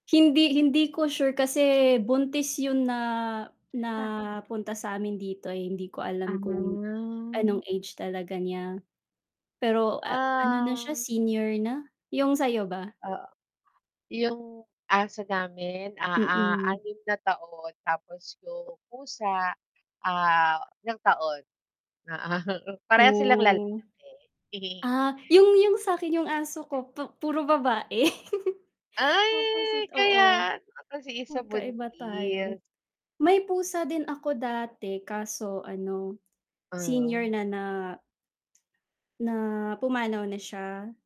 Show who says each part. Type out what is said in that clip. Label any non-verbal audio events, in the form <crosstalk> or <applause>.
Speaker 1: Hindi hindi ko sure kasi buntis yun na na
Speaker 2: Ah.
Speaker 1: punta sa'min dito ay hindi ko alam kung
Speaker 2: Ah.
Speaker 1: anong age talaga niya. Pero, ah, ano na siya,
Speaker 2: Ah.
Speaker 1: senior na. Yung sa'yo ba?
Speaker 2: Ah, yung aso namin, ah ah ah,
Speaker 1: Mm.
Speaker 2: 6 na taon tapos yung pusa, ah, ilang taon. Oo parehas silang lalaki.
Speaker 1: Oh.
Speaker 2: <giggles>
Speaker 1: Ah, yung yung sa'kin yung aso ko pu puro babae. <giggles>
Speaker 2: Ay
Speaker 1: Opposite oo.
Speaker 2: kaya, kasi 1
Speaker 1: Magkaiba tayo.
Speaker 2: buntis.
Speaker 1: May pusa din ako dati kaso ano, senior
Speaker 2: Ah.
Speaker 1: na na na pumanaw na siya.